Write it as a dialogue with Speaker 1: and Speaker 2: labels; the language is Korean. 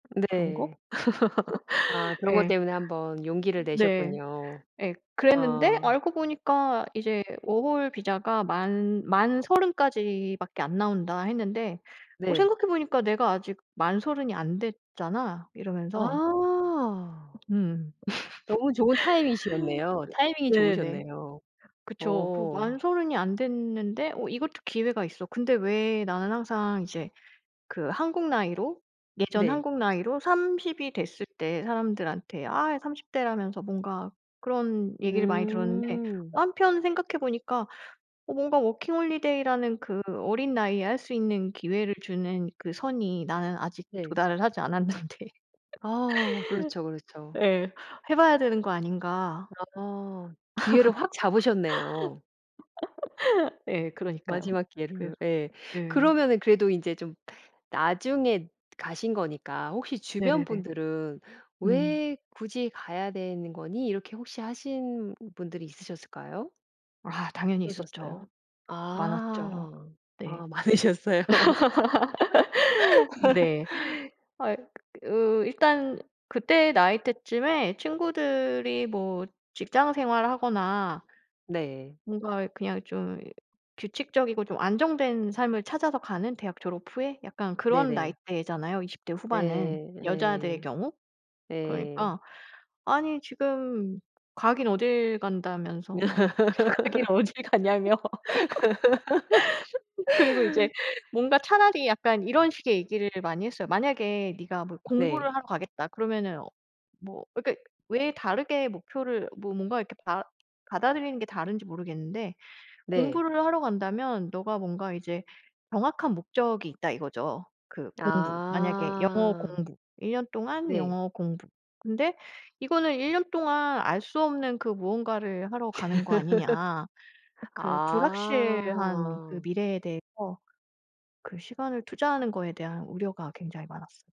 Speaker 1: 그런
Speaker 2: 네.
Speaker 1: 거?
Speaker 2: 아 그런 것
Speaker 1: 예.
Speaker 2: 때문에 한번 용기를
Speaker 1: 네.
Speaker 2: 내셨군요.
Speaker 1: 예 그랬는데
Speaker 2: 아.
Speaker 1: 알고 보니까 이제 워홀 비자가 만 만 30 까지밖에 안 나온다 했는데 "어
Speaker 2: 네.
Speaker 1: 생각해 보니까 내가 아직 만 30 이 안 됐잖아." 이러면서
Speaker 2: 아.
Speaker 1: 음.
Speaker 2: 너무 좋은 타이밍이셨네요. 타이밍이
Speaker 1: 네네.
Speaker 2: 좋으셨네요.
Speaker 1: 그쵸. 그리고
Speaker 2: 어.
Speaker 1: 만 30 이 안 됐는데 어 이것도 기회가 있어. 근데 왜 나는 항상 이제 그 한국 나이로 예전
Speaker 2: 네.
Speaker 1: 한국 나이로 30 이 됐을 때 사람들한테 아 이 30 대라면서 뭔가 그런 얘기를 많이 들었는데
Speaker 2: 음.
Speaker 1: 한편 생각해 보니까 어 뭔가 워킹홀리데이라는 그 어린 나이에 할 수 있는 기회를 주는 그 선이 나는 아직
Speaker 2: 네.
Speaker 1: 도달을 하지 않았는데.
Speaker 2: 아 그렇죠, 그렇죠.
Speaker 1: 예. 해 봐야 되는 거 아닌가.
Speaker 2: 아. 기회를 확 잡으셨네요.
Speaker 1: 예 그러니까요.
Speaker 2: 마지막 기회를
Speaker 1: 그래서
Speaker 2: 예.
Speaker 1: 예.
Speaker 2: 그러면은 그래도 인제 좀 나중에 가신 거니까 혹시 주변
Speaker 1: 네네네.
Speaker 2: 분들은
Speaker 1: 음.
Speaker 2: "왜 굳이 가야 되는 거니?" 이렇게 혹시 하신 분들이 있으셨을까요?
Speaker 1: 아 당연히
Speaker 2: 그러셨어요?
Speaker 1: 있었죠. 많았죠.
Speaker 2: 아.
Speaker 1: 네.
Speaker 2: 아 많으셨어요.
Speaker 1: 네. 아이 어 일단 그때 나이 때쯤에 친구들이 뭐 직장 생활하거나
Speaker 2: 네.
Speaker 1: 뭔가 그냥 좀 규칙적이고 좀 안정된 삶을 찾아서 가는 대학 졸업 후에 약간 그런
Speaker 2: 네네.
Speaker 1: 나이대잖아요, 20 대 후반은
Speaker 2: 네.
Speaker 1: 여자들의
Speaker 2: 예.
Speaker 1: 경우.
Speaker 2: 예.
Speaker 1: 그러니까 "아니 지금 가긴 어딜 간다."면서 막 "가긴 어딜 가냐."며 그리고 이제 뭔가 차라리 약간 이런 식의 얘기를 많이 했어요. "만약에 네가 뭐
Speaker 2: 네.
Speaker 1: 공부를 하러 가겠다 그러면은 뭐" 그러니까 왜 다르게 목표를 뭐 뭔가 이렇게 받 받아들이는 게 다른지 모르겠는데
Speaker 2: 네.
Speaker 1: "공부를 하러 간다면 너가 뭔가 이제 정확한 목적이 있다." 이거죠. 그 공부 만약에 영어
Speaker 2: 아.
Speaker 1: 공부, 1 년 동안
Speaker 2: 네.
Speaker 1: 영어 공부. 근데 "이거는 1 년 동안 알 수 없는 그 무언가를 하러 가는 거 아니냐." 그 불확실한 그
Speaker 2: 아.
Speaker 1: 미래에 대해서 그 시간을 투자하는 거에 대한 우려가 굉장히 많았어요.